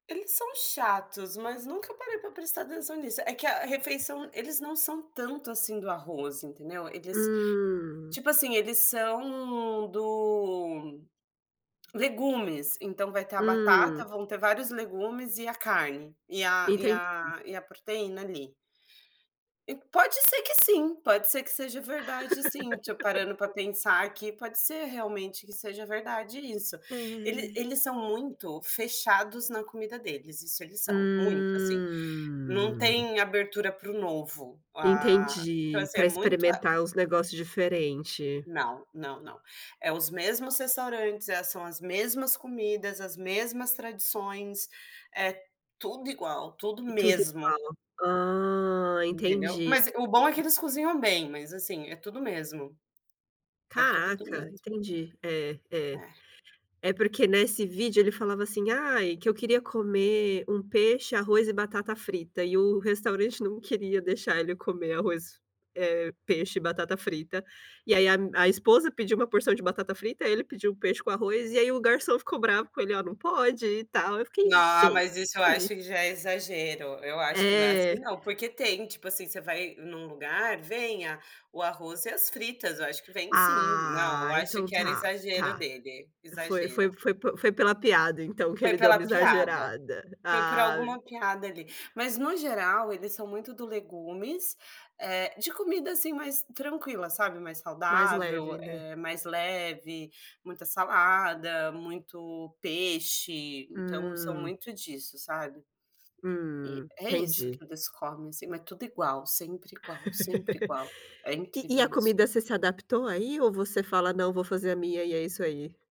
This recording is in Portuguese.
Eles são chatos, mas nunca parei para prestar atenção nisso, é que a refeição eles não são tanto assim do arroz entendeu, eles Hum. tipo assim eles são do legumes, então vai ter a batata, Hum. vão ter vários legumes e a carne, e a e Entendi. a e a proteína ali. E pode ser que sim, pode ser que seja verdade sim, tipo parando para pensar aqui pode ser realmente que seja verdade isso, Ele É. eles são muito fechados na comida deles, isso eles são, muito assim. Não Hum. tem abertura para o novo, ah então, Entendi, assim, é para muito ah experimentar os negócio diferente. Não, não não. É os mesmos restaurantes, é são as mesmas comidas, as mesmas tradições, é tudo igual, tudo E tudo mesmo. igual. Hum, Entendeu. entendi. Mas o bom é que [unintelligible] eles cozinham bem, mas assim, é tudo o mesmo. É tudo do Caraca, mesmo. entendi. É, é. É. É porque nesse vídeo ele falava assim: "Ai, que eu queria comer um peixe, arroz e batata frita" e o restaurante não queria deixar ele comer arroz, eh, peixe e batata frita. E aí, a a esposa pediu uma porção de batata frita, ele pediu peixe com arroz e aí o garçom ficou bravo com ele: "Olha não pode e tal", eu fiquei No mas isso eu acho gente. que já é exagero, eu acho que não é assim É. não, porque tem, tipo assim, você vai em um lugar, vem a o arroz e as fritas eu acho que vem sim, não Ah, eu acho então que era tá, exagero tá. dele, Foi exagero. foi foi foi pela piada então que Foi ele deu pela uma piada, exagerada, foi por ah. alguma piada ali, mas no geral eles são muito do legumes, eh, de comida assim mais tranquila, sabe, mais Mais saudável, leve né? eh mais leve, muita salada, muito peixe, então são Hum. muito disso, sabe. E Hum, é isso entendi. que eles comem assim mas tudo igual, sempre igual, sempre igual. É E e a incrível isso. comida você se adaptou aí, ou você fala: "Não vou fazer a minha e é isso aí"?